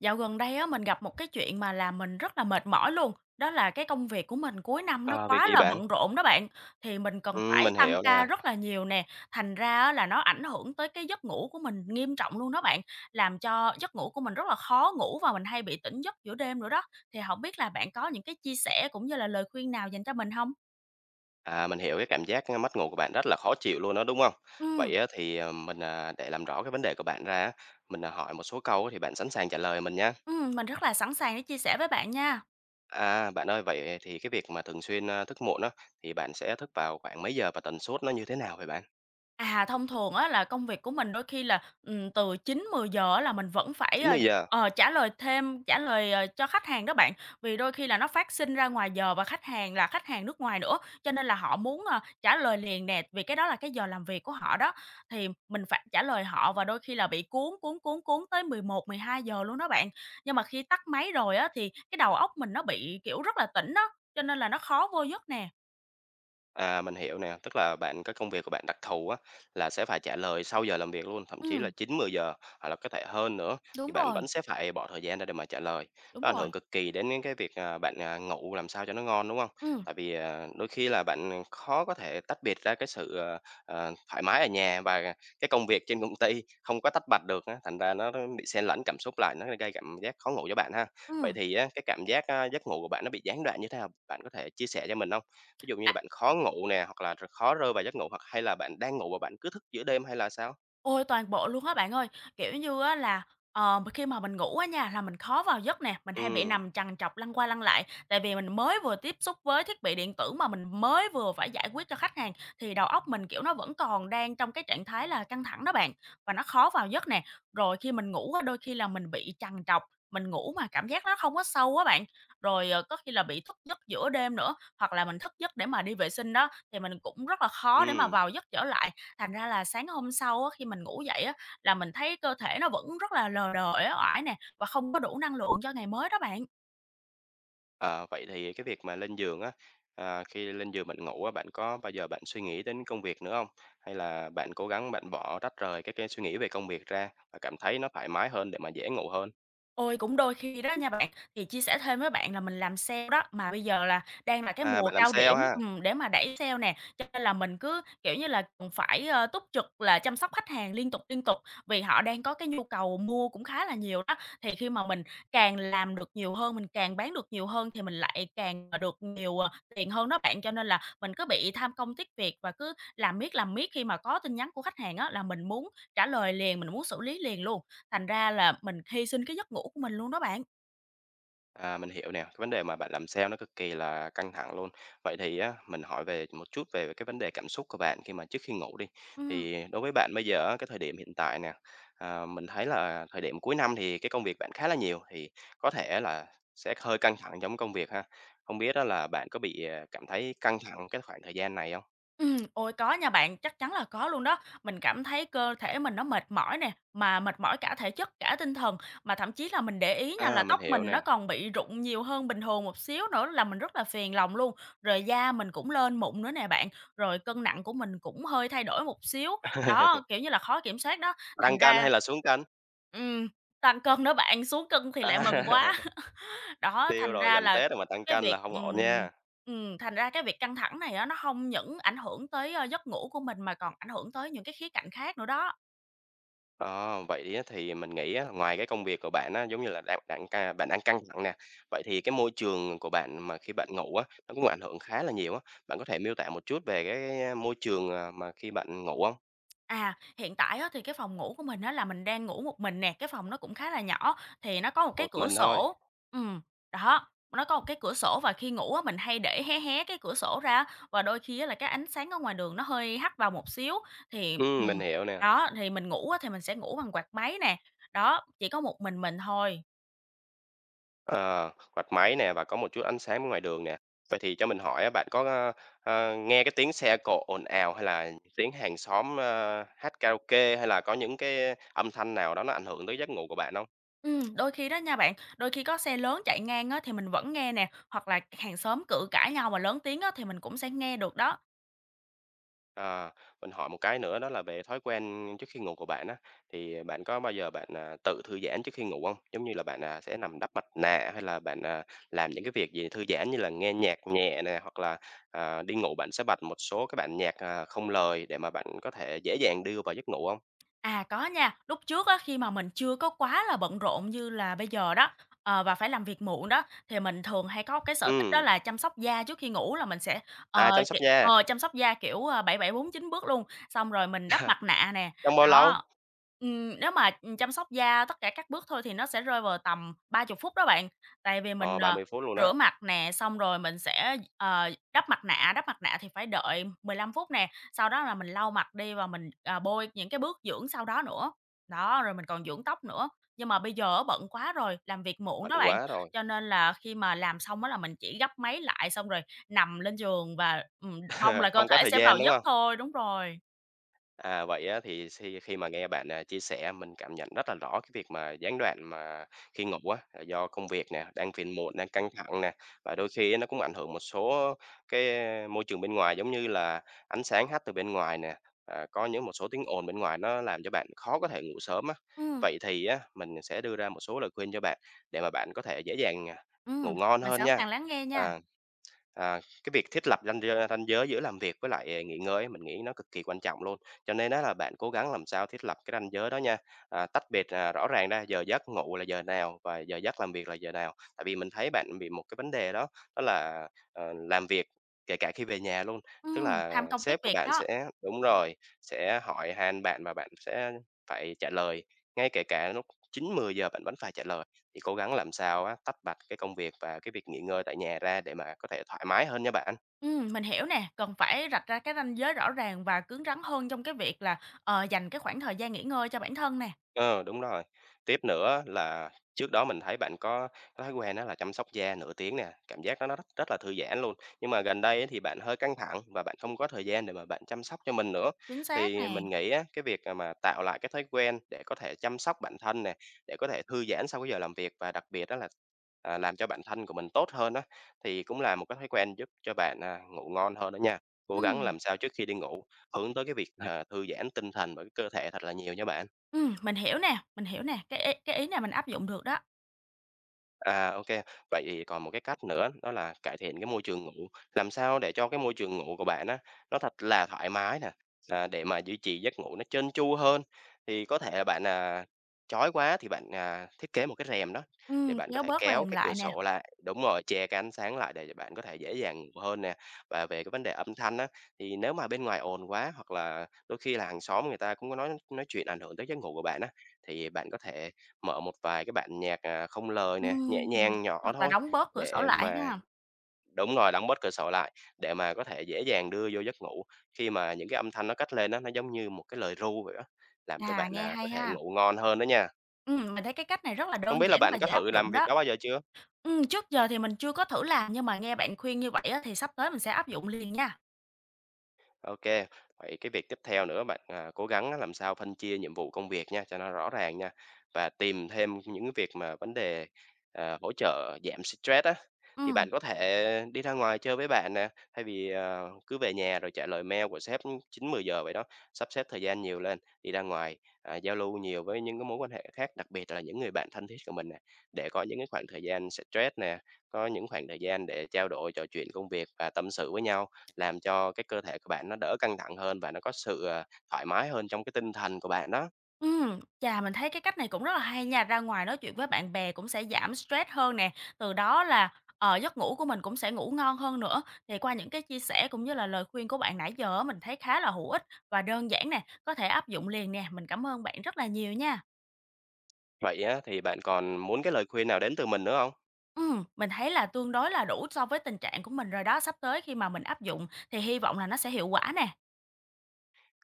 Dạo gần đây á, mình gặp một cái chuyện mà làm mình rất là mệt mỏi luôn, đó là cái công việc của mình cuối năm nó Ờ, việc quá gì là bạn? bận rộn đó bạn. Thì mình cần Ừm, phải mình tăng hiểu ca nè. rất là nhiều nè, thành ra á là nó ảnh hưởng tới cái giấc ngủ của mình nghiêm trọng luôn đó bạn, làm cho giấc ngủ của mình rất là khó ngủ và mình hay bị tỉnh giấc giữa đêm nữa đó. Thì hổng biết là bạn có những cái chia sẻ cũng như là lời khuyên nào dành cho mình hông? À, mình hiểu cái cảm giác mất ngủ của bạn rất là khó chịu luôn á, đúng không? Ừm. Vậy á thì, ờ, mình, ờ, để làm rõ cái vấn đề của bạn ra á, mình hỏi một số câu thì bạn sẵn sàng trả lời mình nha. Ừm, mình rất là sẵn sàng để chia sẻ với bạn nha. À, bạn ơi, vậy thì cái việc mà thường xuyên, ơ, thức muộn á thì bạn sẽ thức vào khoảng mấy giờ và tần suất nó như thế nào vậy bạn? À, thông thường á là công việc của mình đôi khi là, ừm, từ 9:00-10:00 á là mình vẫn phải, chín ơ, mười giờ. ờ, trả lời thêm trả lời, ờ, cho khách hàng đó bạn. Vì đôi khi là nó phát sinh ra ngoài giờ và khách hàng là khách hàng nước ngoài nữa, cho nên là họ muốn, ờ, trả lời liền nè, vì cái đó là cái giờ làm việc của họ đó, thì mình phải trả lời họ và đôi khi là bị cuốn, cuốn, cuốn, cuốn tới 11:00-12:00 luôn đó bạn. Nhưng mà khi tắt máy rồi á thì cái đầu óc mình nó bị, kiểu, rất là tỉnh á, cho nên là nó khó vô giấc nè. À, mình hiểu nè, tức là bạn cái công việc của bạn đặc thù á, là sẽ phải trả lời sau giờ làm việc luôn, thậm chí là Ừm. 9:00-10:00 hoặc là có thể hơn nữa, thì Đúng bạn rồi. vẫn sẽ phải bỏ thời gian ra để mà trả lời. Đúng Nó ảnh rồi. hưởng cực kỳ đến cái việc, ờ, bạn, à, ngủ làm sao cho nó ngon, đúng hông? Ừm. Tại vì, à, đôi khi là bạn, ừm, khó có thể tách biệt ra cái sự, ờ, ờ, thoải mái ở nhà và cái công việc trên công ty, không có tách bạch được á, thành ra nó, á, bị xen lẫn cảm xúc lại, nó g gây cảm giác khó ngủ cho bạn ha. Vậy Ừm. thì á cái cảm giác, a, giấc ngủ của bạn nó bị gián đoạn như thế nào? Bạn có thể chia sẻ cho mình hông? Ví dụ như là bạn khó ngủ nè, hoặc là r khó rơi vào giấc ngủ hoặc hay là bạn đang ngủ và bạn cứ thức giữa đêm? Hay là sao? Ôi! Toàn bộ luôn á bạn ơi! Kiểu như á là, ờm, mình khi mà mình ngủ á nha là mình khó vào giấc nè, mình hay bị Ừm. nằm trằn trọc lăn qua lăn lại. Tại vì mình mới vừa tiếp xúc với thiết bị điện tử mà mình mới vừa phải giải quyết cho khách hàng, thì đầu óc mình, kiểu, nó vẫn còn đang trong cái trạng thái là căng thẳng đó bạn, và nó khó vào giấc nè. Rồi khi mình ngủ á, đôi khi là mình bị trằn trọc, mình ngủ mà cảm giác nó không có sâu á bạn. Rồi, ờ, có khi là bị thức giấc giữa đêm nữa, hoặc là mình thức giấc để mà đi vệ sinh đó, thì mình cũng rất là khó để mà Ừm. vào giấc trở lại. Thành ra là sáng hôm sau á, khi mình ngủ dậy á, là mình thấy cơ thể nó vẫn rất là lờ đờ, uể oải nè, và không có đủ năng lượng cho ngày mới đó bạn. Ờ, vậy thì cái việc mà lên giường á, à, khi lên giường bạn ngủ á, bạn có bao giờ bạn suy nghĩ đến công việc nữa hông? Hay là bạn cố gắng bạn bỏ, tách rời cái cái suy nghĩ về công việc ra và cảm thấy nó thoải mái hơn để mà dễ ngủ hơn? Ôi, cũng đôi khi đó nha bạn. Thì chia sẻ thêm với bạn là mình làm sale đó, mà bây giờ là đang là cái À, mùa bạn làm cao sale điểm ha? ừm, để mà đẩy sale nè, cho nên là mình cứ, kiểu như là, ừm, phải, a, túc trực là chăm sóc khách hàng liên tục, liên tục, vì họ đang có cái nhu cầu mua cũng khá là nhiều đó. Thì khi mà mình càng làm được nhiều hơn, mình càng bán được nhiều hơn thì mình lại càng, à, được nhiều, ờ, tiền hơn đó bạn, cho nên là mình cứ bị tham công tiếc việc và cứ làm miết, làm miết, khi mà có tin nhắn của khách hàng á là mình muốn trả lời liền, mình muốn xử lý liền luôn, thành ra là mình hy sinh cái giấc ngủ của mình luôn đó bạn. À, mình hiểu nè, vấn đề mà bạn làm sale nó cực kì là căng thẳng luôn. Vậy thì á, mình hỏi về một chút về cái vấn đề cảm xúc của bạn khi mà trước khi ngủ đi, Ừm. thì đối với bạn bây giờ á, cái thời điểm hiện tại nè, ờ, mình thấy là thời điểm cuối năm thì cái công việc bạn khá là nhiều thì có thể là sẽ hơi căng thẳng trong công việc ha, hông biết á là bạn có bị, ờ, cảm thấy căng thẳng cái khoảng thời gian này hông? Ừm, ôi có nha bạn, chắc chắn là có luôn đó. Mình cảm thấy cơ thể mình nó mệt mỏi nè, mà mệt mỏi cả thể chất, cả tinh thần, mà thậm chí là mình để ý nha A, là mình tóc hiểu mình nó nè. còn bị rụng nhiều hơn bình thường một xíu nữa làm mình rất là phiền lòng luôn, rồi da mình cũng lên mụn nữa nè bạn, rồi cân nặng của mình cũng hơi thay đổi một xíu. Đó, kiểu như là, khó kiểm soát đó, thành Tăng cân ra hay là xuống cân? Ừm, tăng cân đó bạn, xuống cân thì lại mừng quá. À. Đó, Tiêu thành rồi, ra gần là Tết rồi mà tăng cái cân việc là hông ổn ừm, nha. ừm, thành ra cái việc căng thẳng này á, nó hông những ảnh hưởng tới, ơ, giấc ngủ của mình mà còn ảnh hưởng tới những cái khía cạnh khác nữa đó. Ờ, vậy á, thì mình nghĩ á, ngoài cái công việc của bạn á, giống như là đao bạn ca bạn đang căng thẳng nè. Vậy thì cái môi trường của bạn mà khi bạn ngủ á, nó cũng ảnh hưởng khá là nhiều á, bạn có thể miêu tả một chút về cái, ơ, môi trường, à, mà khi bạn ngủ hông? À, hiện tại á, thì cái phòng ngủ của mình á, là mình đang ngủ một mình nè. Cái phòng nó cũng khá là nhỏ, thì nó có một cái Một cửa mình thôi? sổ ừm, đó, nó có một cái cửa sổ, và khi ngủ á mình hay để hé hé cái cửa sổ ra và đôi khi á, là cái ánh sáng ở ngoài đường nó hơi hắt vào một xíu, thì Ừm, ừm, mình hiểu nè. đó, thì mình ngủ á thì mình sẽ ngủ bằng quạt máy nè. Đó, chỉ có một mình mình thôi. Ờ, quạt máy nè và có một chút ánh sáng ngoài đường nè. Vậy thì cho mình hỏi á, bạn có, a, a, nghe cái tiếng xe cộ ồn ào hay là tiếng hàng xóm, a, hát karaoke, hay là có những cái âm thanh nào đó nó ảnh hưởng tới giấc ngủ của bạn hông? Ừm, đôi khi đó nha bạn, đôi khi có xe lớn chạy ngang á, thì mình vẫn nghe nè, hoặc là hàng xóm cự cãi nhau mà lớn tiếng á, thì mình cũng sẽ nghe được đó. À, mình hỏi một cái nữa đó là về thói quen trước khi ngủ của bạn á, thì bạn có bao giờ bạn, à, tự thư giãn trước khi ngủ hông? Giống như là bạn, à, sẽ nằm đắp mặt nạ, hay là bạn, à, làm những cái việc gì thư giãn như là nghe nhạc nhẹ nè, hoặc là, à, đi ngủ bạn sẽ bật một số cái bản nhạc, à, không lời để mà bạn có thể dễ dàng đưa vào giấc ngủ hông? À, có nha, lúc trước á, khi mà mình chưa có quá là bận rộn như là bây giờ đó, ờ, và phải làm việc muộn đó, thì mình thường hay có cái sở thích đó Ừm. là chăm sóc da trước khi ngủ, là mình sẽ, ờ, À, chăm sóc kẹ, da. ờ, chăm sóc da, kiểu, a, 7749 bước luôn, xong rồi mình đắp mặt nạ nè, Trong bao đó. lâu? Ừm, nếu mà, ừm, chăm sóc da tất cả các bước thôi thì nó sẽ rơi vào tầm 30 phút đó bạn, tại vì Ờ, mình, ba ờ, mươi phút luôn á! rửa mặt nè, xong rồi mình sẽ, ờ, đắp mặt nạ, đắp mặt nạ thì phải đợi 15 phút nè, sau đó là mình lau mặt đi và mình, à, bôi những cái bước dưỡng sau đó nữa, đó, rồi mình còn dưỡng tóc nữa. Nhưng mà bây giờ á bận quá rồi, làm việc muộn Bận đó bạn, quá rồi. cho nên là khi mà làm xong á là mình chỉ gấp máy lại xong rồi nằm lên giường và, ừm, mong là cơ Không có thể thời sẽ gian, vào đúng giấc hông? thôi. Đúng rồi. À, vậy á thì suy khi mà nghe bạn, à, chia sẻ mình cảm nhận rất là rõ cái việc mà gián đoạn mà khi ngủ á, là do công việc nè, đang phiền muộn đang căng thẳng nè, và đôi khi á nó cũng ảnh hưởng một số cái môi trường bên ngoài giống như là ánh sáng hắt từ bên ngoài nè, à, có những một số tiếng ồn bên ngoài nó làm cho bạn khó có thể ngủ sớm á. Ừm. Vậy thì, á, mình sẽ đưa ra một số lời khuyên cho bạn để mà bạn có thể dễ dàng ngủ Ừm, ngon mình hơn sẵn nha! sàng lắng nghe nha! À, à, cái việc thiết lập ranh giới ranh giới giữa làm việc với lại nghỉ ngơi á mình nghĩ nó cực kỳ quan trọng luôn, cho nên á là bạn cố gắng làm sao thiết lập cái ranh giới đó nha, à, tách biệt, à, rõ ràng ra giờ giấc ngủ là giờ nào, và giờ giấc làm việc là giờ nào. Tại vì mình thấy bạn bị một cái vấn đề đó đó là, ờ, làm việc kể cả khi về nhà luôn, tức Ừm, là tham công tiếc sếp của việc bạn đó! sẽ đúng rồi, sẽ hỏi han bạn và bạn sẽ phải trả lời ngay kể cả lúc 9:00-10:00 bạn vẫn phải trả lời, thì cố gắng làm sao á, tách bạch cái công việc và cái việc nghỉ ngơi tại nhà ra để mà có thể thoải mái hơn nha bạn. Ừm, mình hiểu nè, cần phải rạch ra cái ranh giới rõ ràng và cứng rắn hơn trong cái việc là, ờ, dành cái khoảng thời gian nghỉ ngơi cho bản thân nè. Ừ, đúng rồi, tiếp nữa là trước đó mình thấy bạn có cái thói quen đó là chăm sóc da nửa tiếng nè, cảm giác đó nó rất là thư giãn luôn. Nhưng mà gần đây á thì bạn hơi căng thẳng và bạn không có thời gian để mà bạn chăm sóc cho mình nữa, Chính xác thì nè! mình nghĩ á, cái việc, à, mà tạo lại cái thói quen để có thể chăm sóc bản thân nè, để có thể thư giãn sau cái giờ làm việc và đặc biệt á là, ờ, làm cho bản thân của mình tốt hơn á, thì cũng là một cái thói quen giúp cho bạn, ờ, ngủ ngon hơn đó nha, cố gắng Ừm. làm sao trước khi đi ngủ, hướng tới cái việc, à, thư giãn tinh thần với cơ thể thật là nhiều nha bạn! Ừm, mình hiểu nè, mình hiểu nè, cái ý cái ý này mình áp dụng được đó. À, ô kê. Vậy thì còn một cái cách nữa, đó là cải thiện cái môi trường ngủ, làm sao để cho cái môi trường ngủ của bạn á, nó thật là thoải mái nè, ờ, để mà duy trì giấc ngủ nó trơn chu hơn. Thì có thể là bạn, ờ, chói quá thì bạn, ờ, thiết kế một cái rèm đó để Ừm, bạn có kéo thể bớt kéo rèm cái cửa lại nè. sổ lại đúng rồi, che cái ánh sáng lại để cho bạn có thể dễ dàng ngủ hơn nè. Và về cái vấn đề âm thanh á thì nếu mà bên ngoài ồn quá hoặc là đôi khi là hàng xóm người ta cũng có nói nói chuyện ảnh hưởng tới giấc ngủ của bạn á, thì bạn có thể mở một vài cái bản nhạc, à, không lời nè, nhẹ Ưm, ừm. nhàng nhỏ Hoặc là thôi đóng bớt cửa sổ để lại mà ha? đúng rồi, đóng bớt cửa sổ lại để mà có thể dễ dàng đưa vô giấc ngủ. Khi mà những cái âm thanh nó cất lên á, nó giống như một cái lời ru vậy á, làm cho À, bạn, nghe à, có hay thể ha? ngủ ngon hơn đó nha. Ừm, mình thấy cái cách này rất là Hông đơn biết là giản bạn và có dễ áp thử làm dụng việc đó. đó bao giờ chưa? Ừm, trước giờ thì mình chưa có thử làm nhưng mà nghe bạn khuyên như vậy á thì sắp tới mình sẽ áp dụng liền nha. Ô kê. Vậy cái việc tiếp theo nữa bạn, ờ, cố gắng làm sao phân chia nhiệm vụ công việc nha cho nó rõ ràng nha. Và tìm thêm những cái việc mà vấn đề, ờ, hỗ trợ giảm stress á. Thì bạn Ừm. có thể đi ra ngoài chơi với bạn nè, thay vì, ờ, cứ về nhà rồi trả lời mail của sếp 9-10 giờ vậy đó, sắp xếp thời gian nhiều lên, đi ra ngoài, à, giao lưu nhiều với những cái mối quan hệ khác, đặc biệt là những người bạn thân thiết của mình nè để có những cái khoảng thời gian xả stress nè, có những khoảng thời gian để trao đổi, trò chuyện công việc và tâm sự với nhau, làm cho cái cơ thể của bạn nó đỡ căng thẳng hơn và nó có sự, ờ, thoải mái hơn trong cái tinh thần của bạn đó. Ừm, chà! Mình thấy cái cách này cũng rất là hay nha, ra ngoài nói chuyện với bạn bè cũng sẽ giảm stress hơn nè, từ đó là, ờ, giấc ngủ của mình cũng sẽ ngủ ngon hơn nữa. Thì qua những cái chia sẻ cũng như là lời khuyên của bạn nãy giờ á, mình thấy khá là hữu ích và đơn giản nè, có thể áp dụng liền nè. Mình cảm ơn bạn rất là nhiều nha. Vậy á thì bạn còn muốn cái lời khuyên nào đến từ mình nữa hông? Ừm, mình thấy là tương đối là đủ so với tình trạng của mình rồi đó, sắp tới khi mà mình áp dụng thì hy vọng là nó sẽ hiệu quả nè.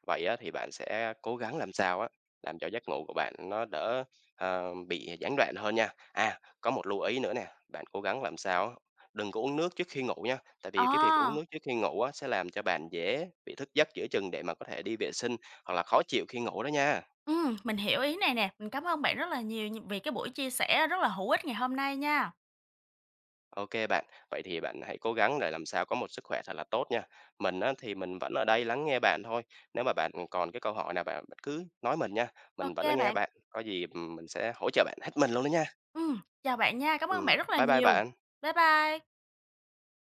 Vậy á thì bạn sẽ cố gắng làm sao á, làm cho giấc ngủ của bạn nó đỡ, ờ, bị gián đoạn hơn nha. À, có một lưu ý nữa nè, bạn cố gắng làm sao á, đừng có uống nước trước khi ngủ nha, tại vì cái việc uống Ờ. nước trước khi ngủ á, sẽ làm cho bạn dễ bị thức giấc giữa chừng để mà có thể đi vệ sinh, hoặc là khó chịu khi ngủ đó nha. Ừm, mình hiểu ý này nè, mình cảm ơn bạn rất là nhiều nh vì cái buổi chia sẻ rất là hữu ích ngày hôm nay nha. Ô kê bạn, vậy thì bạn hãy cố gắng để làm sao có một sức khỏe thật là tốt nha. Mình á thì mình vẫn ở đây lắng nghe bạn thôi, nếu mà bạn còn cái câu hỏi nào, bạn bạn cứ nói mình nha, Ô mình vẫn lắng kê nghe bạn. bạn, có gì, ừm, mình sẽ hỗ trợ bạn hết mình luôn đó nha. Ừm, chào bạn nha. Cảm ơn bạn Ừm, rất là bye bye nhiều, bạn! bye bye!